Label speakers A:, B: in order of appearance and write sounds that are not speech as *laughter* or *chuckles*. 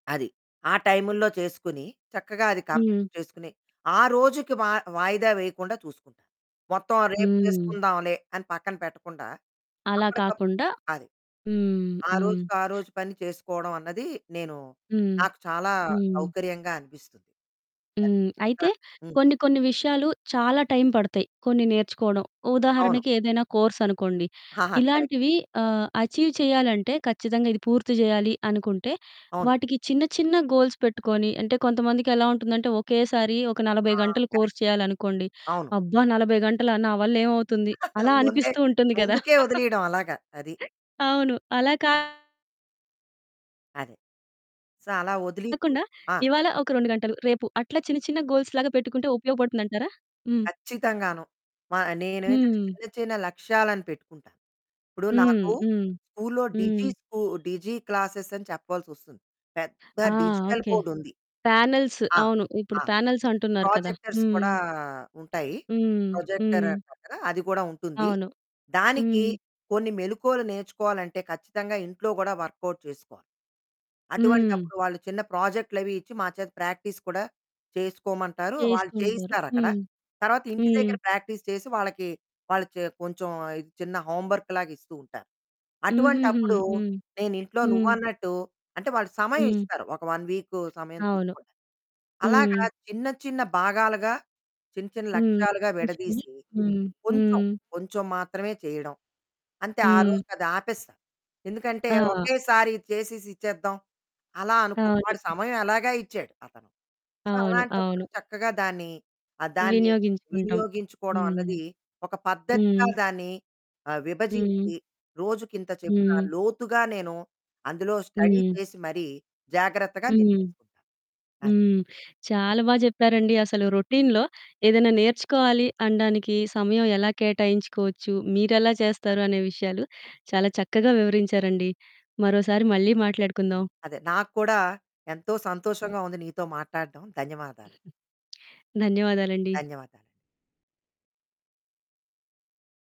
A: అది. ఆ టైములో చేసుకొని చక్కగా అది
B: హ్మ్.
A: కంప్లీట్ చేసుకొని, ఆ రోజుకి మా వాయిదా వేయకుండా చూసుకుంటాను. మొత్తం రేపు
B: హ్మ్.
A: చేసుకుందాంలే అని పక్కన పెట్టకుండా,
B: అలా
A: అప్పటికప్పుడు
B: కాకుండా
A: అది
B: హ్మ్,
A: ఆ
B: హ్మ్.
A: రోజుకి ఆ రోజు పని చేసుకోవడమన్నది నేను
B: హ్మ్.
A: నాకు చాలా
B: హ్మ్.
A: సౌకర్యంగా అనిపిస్తుంది. అది.
B: హ్మ్. అయితే
A: ఆ! హ్మ్.
B: కొన్ని కొన్ని విషయాలు చాలా టైం పడతాయి కొన్ని నేర్చుకోవడం.
A: అవును.
B: ఉదాహరణకి ఏదైనా కోర్సనుకోండి.
A: ఆహా! కరెక్ట్.
B: ఇలాంటివి ఆహ్, అచీవ్ చేయాలంటే ఖచ్చితంగా ఇది పూర్తి చేయాలి అనుకుంటే,
A: అవును.
B: వాటికి చిన్న చిన్న గోల్స్ పెట్టుకొని. అంటే కొంతమందికి ఎలా ఉంటుందంటే, ఒకేసారి ఒక
A: ఆ!
B: 40 గంటలు
A: కరక్ట్.
B: కోర్స్ చేయాలనుకోండి.
A: అవును.
B: "అబ్బా! 40 గంటలు నా వల్లేమవుతుంది?"
A: *chuckles*
B: అలా
A: ముందే
B: అనిపిస్తూ ఉంటుంది గదా! *chuckles*
A: ముందుకే వదిలేయడం. అలాగా. అది.
B: అవును. అలా కాకుండా...
A: అదే, సో, అలా వదిలీకు. ఆ!
B: ఇవాళ ఒక 2 గంటలు, రేపు అట్లా చిన్న చిన్న గోల్స్‌లాగా పెట్టుకుంటే ఉపయోగపడుతుందంటారా? హ్మ్.
A: కచ్చితంగాను. మా నేనేంటంటే
B: హ్మ్.
A: చిన్న చిన్న లక్ష్యాలను పెట్టుకుంటాను. ఇప్పుడు
B: హ్మ్.
A: నాకు
B: హ్మ్.
A: స్కూల్లో
B: హ్మ్.
A: డిజి స్కూ డిజి క్లాస్ అని చెప్పాల్సి వస్తుంది. పెద్ద
B: ఆ!
A: Digital
B: okay.
A: బోర్డ్ ఉంది.
B: పానెల్స్
A: ఆ!
B: అవును. ఇప్పుడు
A: ఆ!
B: పానెల్స్ అంటున్నారు కదా!
A: ప్రోజెక్టర్స్
B: హ్మ్.
A: కూడా ఉంటాయి.
B: హ్మ్.
A: ప్రొజెక్టర్
B: హ్మ్.
A: దాని పక్కన అది కూడా ఉంటుంది.
B: అవును.
A: దానికి
B: హ్మ్.
A: కొన్ని మెళకువలు నేర్చుకోవాలంటే ఖచ్చితంగా ఇంట్లో కూడా వర్కౌట్ చేసుకోవాలి.
B: హ్మ్.
A: అటువంటప్పుడు వాళ్ళు చిన్న ప్రాజెక్టులవి ఇచ్చి మాచేత ప్రాక్టీస్ కూడా చేసుకోమంటారు. వాళ్ళు
B: చేస్తూ ఉంటారు.
A: చేయిస్తారక్కడ.
B: హ్మ్,
A: తర్వాత ఇంటి
B: హ్మ్.
A: దగ్గర ప్రాక్టీస్ చేసి వాళ్ళకి, వాళ్ళు కొంచెం చిన్న హోంవర్క్ లాగ ఇస్తూ ఉంటారు.
B: హుహుహు.
A: అటువంటప్పుడు
B: హ్మ్,
A: నేనింట్లో
B: హ్మ్.
A: నువ్వన్నట్టు, అంటే వాళ్ళు
B: హ్మ్.
A: సమయమిస్తారు ఒక 1 వీక్ సమయం
B: అవును.
A: తీసుకోడానికి.
B: హ్మ్.
A: అలాగా చిన్న చిన్న భాగాలుగా, చిన్న చిన్న
B: హ్మ్.
A: లక్ష్యాలుగా
B: తీసుకొని
A: విడదీసి
B: హ్మ్,
A: కొంచెం,
B: హ్మ్.
A: కొంచెం మాత్రమే చేయడం, అంతే
B: హ్మ్.
A: ఆరోజుకది ఆపేస్తాను. ఎందుకంటే
B: ఆ!
A: ఒకేసారి చేసేసి ఇచ్చేద్దాం, అలా అనుకో వాడు
B: అవును.
A: సమయం ఎలాగా ఇచ్చాడు, అతను. సో
B: అవును,
A: అలాంటప్పుడు
B: అవును.
A: చక్కగా దాన్ని, దాన్ని
B: వినియోగించుకుంటాం.
A: వినియోగించుకోవడం
B: హ్మ్.
A: అన్నది ఒక పద్ధతిగా
B: హ్మ్.
A: దాన్ని ఆహ్,
B: హ్మ్.
A: విభజించి రోజుకింత చొప్పున
B: హ్మ్.
A: లోతుగా నేను అందులో స్టడీ
B: హ్మ్.
A: చేసి మరీ జాగ్రత్తగా నేను
B: హ్మ్.
A: చేసుకుంటాను. అది.
B: హ్మ్. చాలా బాగా చెప్పారండి. అసలు రొటీన్‌లో ఏదైనా నేర్చుకోవాలి అనడానికి సమయం ఎలా కేటాయించుకోవచ్చు, మీరెలా చేస్తారు అనే విషయాలు చాలా చక్కగా వివరించారండి. మరోసారి మళ్ళీ మాట్లాడుకుందాం.
A: అదే. నాకు కూడా ఎంతో సంతోషంగా ఉంది నీతో మాట్లాడడం, ధన్యవాదాలు.
B: ధన్యవాదాలండి.
A: ధన్యవాదాలు.